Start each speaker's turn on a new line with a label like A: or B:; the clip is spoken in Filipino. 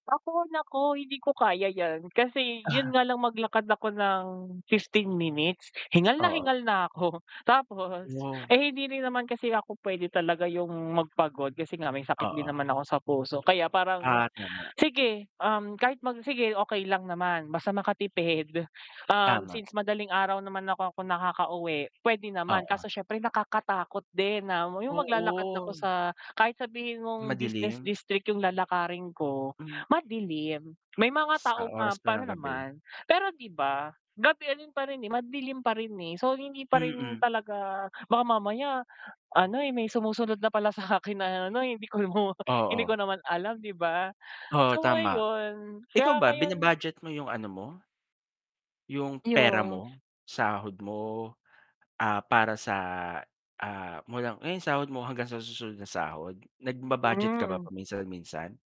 A: Ako, naku, hindi ko kaya 'yan. Kasi 'yon
B: Ah.
A: nga lang maglakad ako ng 15 minutes, hingal na
B: Oo.
A: hingal na ako. Tapos,
B: [unintelligible]
A: eh, hindi rin naman kasi ako puwede talaga 'yong magpagod kasi nga may sakit din
B: Oo.
A: naman ako sa puso. Kaya parang
B: Ah, tama.
A: sige, um, kahit mag sige, okey lang naman basta makatipid. Um,
B: Tama.
A: since madaling araw naman ako ako nakakauwi, puwede naman.
B: Oo.
A: Kaso siyempre nakakatakot din na 'yong maglalakad na ako
B: Oo.
A: sa kahit sabihin mong business
B: Madilim?
A: district 'yong lalakarin ko,
B: Hmm.
A: madilim. May mga
B: Sa
A: taong,
B: oras
A: um,
B: pa
A: pa'no
B: ng gabi.
A: naman. Pero, 'di ba, gabi rin pa rin, eh. Madilim pa rin, eh. So, hindi pa rin
B: Mm.
A: talaga baka mamaya ano, eh, may sumusunod na pala sa akin na ano, eh, hindi hi mo hindi ko
B: Oo.
A: naman alam, 'di ba?
B: Oo,
A: So,
B: tama.
A: ngayon kaya
B: Ikaw ba
A: ngayon
B: bina-budget mo 'yong ano mo, 'yong pera
A: 'Yong
B: mo? Sahod mo, ah, para sa, ah, mo lang iyong sahod mo hanggang sa susunod na sahod? Nagba-budget ka ba
A: Mm.
B: paminsan-minsan?